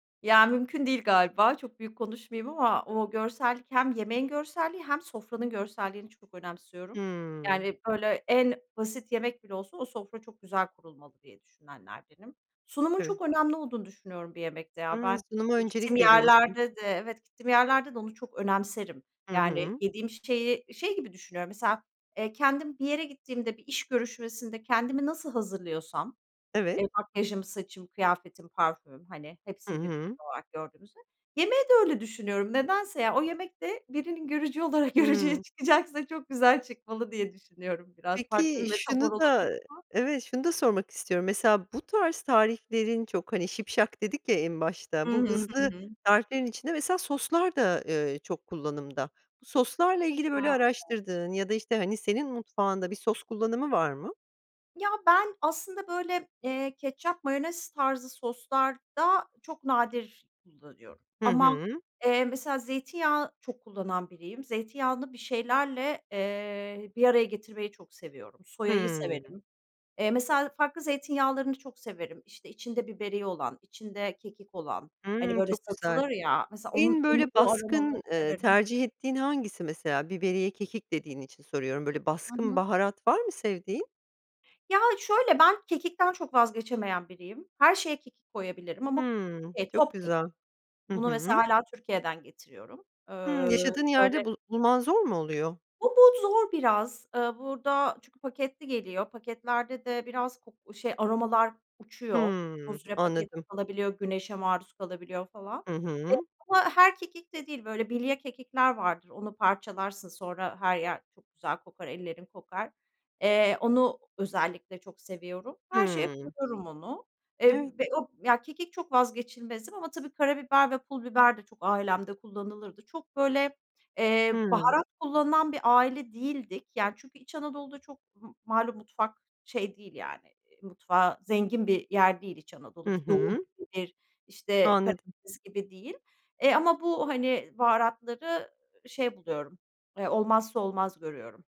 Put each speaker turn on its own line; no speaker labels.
Ya, mümkün değil galiba, çok büyük konuşmayayım ama o görsellik, hem yemeğin görselliği, hem sofranın görselliğini çok önemsiyorum.
Hımm.
Yani, böyle, en basit yemek bile olsa, o sofra çok güzel kurulmalı diye düşünenlerdenim. Sunumun
Evet.
çok önemli olduğunu düşünüyorum bir yemekte ya.
Hımm.
Ben
Sunuma
gittiğim
öncelik veriyorsun.
yerlerde de evet gittiğim yerlerde de onu çok önemserim.
Hı
Yani,
hı.
yediğim şeyi şey gibi düşünüyorum mesela, eee, kendim bir yere gittiğimde bir iş görüşmesinde kendimi nasıl hazırlıyorsam,
Evet.
eee, makyajım, saçım, kıyafetim, parfümüm, hani,
Hı
hepsini bir bütün
hı.
olarak gördüğümüzde, yemeği de öyle düşünüyorum. Nedense ya, o yemek de, birinin görücü olarak görücüye
Hımm.
çıkacaksa, çok güzel çıkmalı diye düşünüyorum biraz. Farklı bir
Peki,
metafor
şunu da
olabilir ama.
evet, şunu da sormak istiyorum, mesela, bu tarz tariflerin çok, hani, şipşak dedik ya en başta,
Hı hı.
bu
Hı
hızlı
hı.
tariflerin içinde mesela soslar da, eee, çok kullanımda. Bu soslarla ilgili böyle
Ha, evet.
araştırdığın ya da, işte, hani, senin mutfağında bir sos kullanımı var mı?
Ya, ben aslında, böyle, eee, ketçap, mayonez tarzı soslarda, çok nadir kullanıyorum.
Hı
Ama,
hı.
eee, mesela zeytinyağı çok kullanan biriyim. Zeytinyağını bir şeylerle, eee, bir araya getirmeyi çok seviyorum. Soyayı
Hımm.
severim. Eee, mesela farklı zeytinyağlarını çok severim. İşte, içinde biberiye olan, içinde kekik olan, hani,
Hımm,
böyle
çok güzel.
satılır ya, mesela onun
En
onu
böyle
o aromaları
baskın, eee,
severim.
tercih ettiğin hangisi, mesela? Biberiye, kekik dediğin için soruyorum. Böyle,
Hı
baskın
hı.
baharat var mı sevdiğin?
Ya şöyle; ben kekikten çok vazgeçemeyen biriyim. Her şeye kekik koyabilirim ama
Hımmm,
eee,
çok
top kekik.
güzel. Hı
Bunu mesela
hı.
hâlâ Türkiye'den getiriyorum. Eee,
Hımm. Yaşadığın
böyle
yerde bu bulman zor mu oluyor?
O bod zor biraz, eee, burada çünkü paketli geliyor paketlerde de biraz ko şey aromalar uçuyor,
Hımm,
uzun süre paketli
anladım.
kalabiliyor, güneşe maruz kalabiliyor falan, eee,
Hı hı.
ama her kekik de değil, böyle bilye kekikler vardır. Onu parçalarsın, sonra her yer çok güzel kokar, ellerin kokar. Eee, onu özellikle çok seviyorum. Her şeye
Hımm.
koyuyorum onu.
Evet.
Eee, ve o ya, kekik çok vazgeçilmezim ama tabii, karabiber ve pul biber de çok ailemde kullanılırdı. Çok böyle, eee,
Hımm.
baharat kullanılan bir aile değildik. Yani çünkü, İç Anadolu'da çok m malum mutfak şey değil yani, mutfağı zengin bir yer değil İç
Hı
Anadolu. Bir doğu
hı.
gibi, bir, işte,
Anladım.
Karadeniz gibi değil. Eee, ama bu, hani, baharatları şey buluyorum, eee, olmazsa olmaz görüyorum.